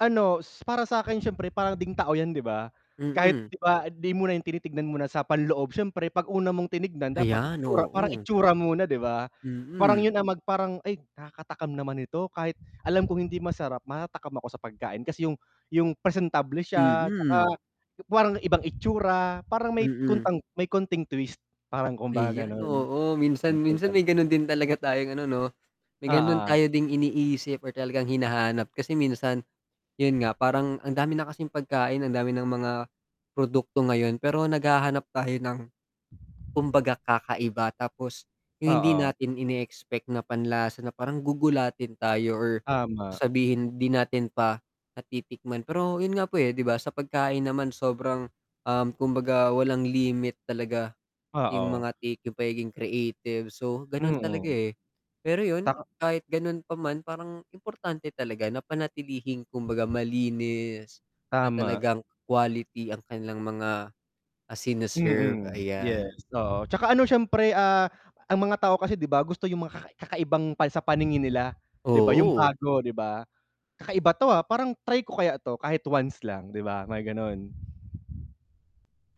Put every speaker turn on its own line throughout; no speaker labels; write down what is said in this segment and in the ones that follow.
Ano, s para sa akin, siyempre, parang ding tao 'yan, di ba? Kahit,
Mm.
di ba, di muna 'yung tinitingnan muna sa panloob. Siyempre, 'pag una mong tinignan, dapat
Ayan,
itsura, parang
oo.
itsura muna, di ba? Parang
Mm.
'yun ang mag parang, "Ay, nakakatakam naman ito." Kahit alam kong hindi masarap, matatakam ako sa pagkain kasi 'yung 'yung presentable siya, tsaka
Mm.
yung parang ibang itsura, parang may
Mm.
kontang may konting twist, parang kumbaga
Ayan,
gano'n.
oo, minsan
May
minsan
konting
may
twist.
gano'n din talaga tayong ano 'no, may gano'n
Oo.
tayo ding iniisip or talagang hinahanap. Kasi minsan, 'yun nga, parang ang dami na kasing pagkain, ang dami nang mga produkto ngayon, pero naghahanap tayo ng, kumbaga, kakaiba. Tapos 'yung hindi
Oo.
natin ine-expect na panlasa na parang gugulatin tayo or
Tama.
sasabihin di natin pa, natitikman. Pero 'yun nga po, eh, di ba, sa pagkain naman, sobrang, um, kumbaga, walang limit talaga, 'yung
Oo.
mga take, 'yung pagiging creative, so gano'n talaga,
Mm.
eh. Pero 'yon,
Ta
kahit gano'n pa man, parang importante talaga na panatilihing kumbaga, malinis at
Tama.
talagang quality ang kanilang mga, ah, sini-serve.
Mm, yes.
Ayan.
Oo, tsaka ano, siyempre, ah, ang mga tao kasi, di ba, gusto 'yung mga kakai kakaibang pang sa paningin nila. Di ba, yung
Oo.
bago, di ba? "Kakaiba 'to, ah, parang try ko kaya 'to, kahit once lang." 'di ba? May gano'n.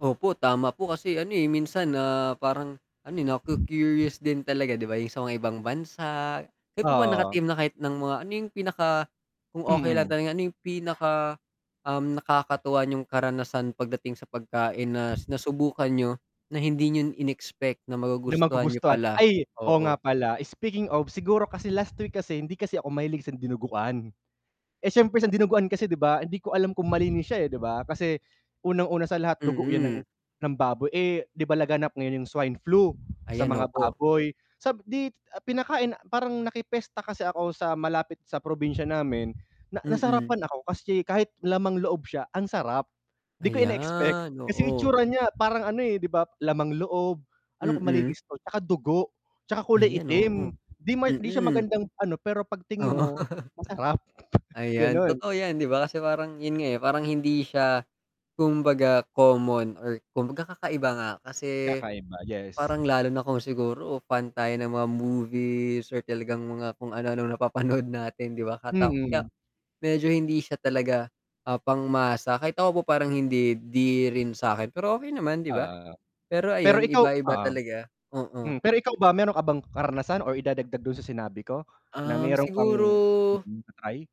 Opo, tama po kasi, ano, eh, minsan na parang ano, eh, naku-curious din talaga, di ba, 'yung sa mga ibang bansa. Kayo po ba,
Oo.
nakatim na kahit nang mga ano 'yung pinaka kung okey lang
Mm.
tanungin, ano 'yung pinaka, um, nakakatuwa n'yong karanasan pagdating sa pagkain nas nasubukan n'yo, na hindi n'yo in-expect na
Na
magugustuhan niyo
magugustuhan.
pala.
Ay, oo,
Oo.
nga pala. Speaking of, siguro kasi last week kasi hindi kasi ako mahilig sa dinuguan. Eh, siyempre, sa dinuguan kasi, 'di ba, hindi ko alam kung malinis siya, eh, di ba, kasi unang-una sa lahat, dugo 'yan ng
Mm.
ng baboy. Eh, di ba, laganap ngayon 'yung swine flu sa
Ayan,
mga
opo.
baboy. Sab dit ah, pinakain parang naki-fiesta kasi ako sa malapit sa probinsiya namin, na
Mm.
nasarapan ako, kasi kahit lamang-loob siya, ang sarap. 'Di ko ine-expect,
Ayan,
kasi
oo.
itsura niya, parang ano, eh, di ba, lamang-loob. "Ano, kung
Mm.
malinis 'to?" Tsaka dugo, tsaka kulay
Ayan,
itim.
oo.
Di may 'di siya
Mm.
magandang ano, pero 'pag tingin
Oo.
mo, masarap,
Ayan,
gano'n.
totoo 'yan, di ba? Kasi parang 'yun nga, eh, parang hindi siya, kumbaga, common or kumbaga, kakaiba nga, kasi
Kakaiba, yes.
parang lalo na kung siguro pantayan ng mga movie sir talagang mga kung anu-anong napapanood natin, di ba? Kata kaya,
Mm.
medyo hindi siya talaga, ah, pangmasa. Kahit ako po parang hindi, eh, di rin sa akin, pero okey naman, di ba?
Oh.
Pero
Pero
ayun,
ikaw
iba-iba
um.
talaga. Oo.
Hmm, pero ikaw ba, meron ka bang karanasan or idadagdag dun sa sinabi ko, na
Um,
meron kang
siguro
mm, na-try?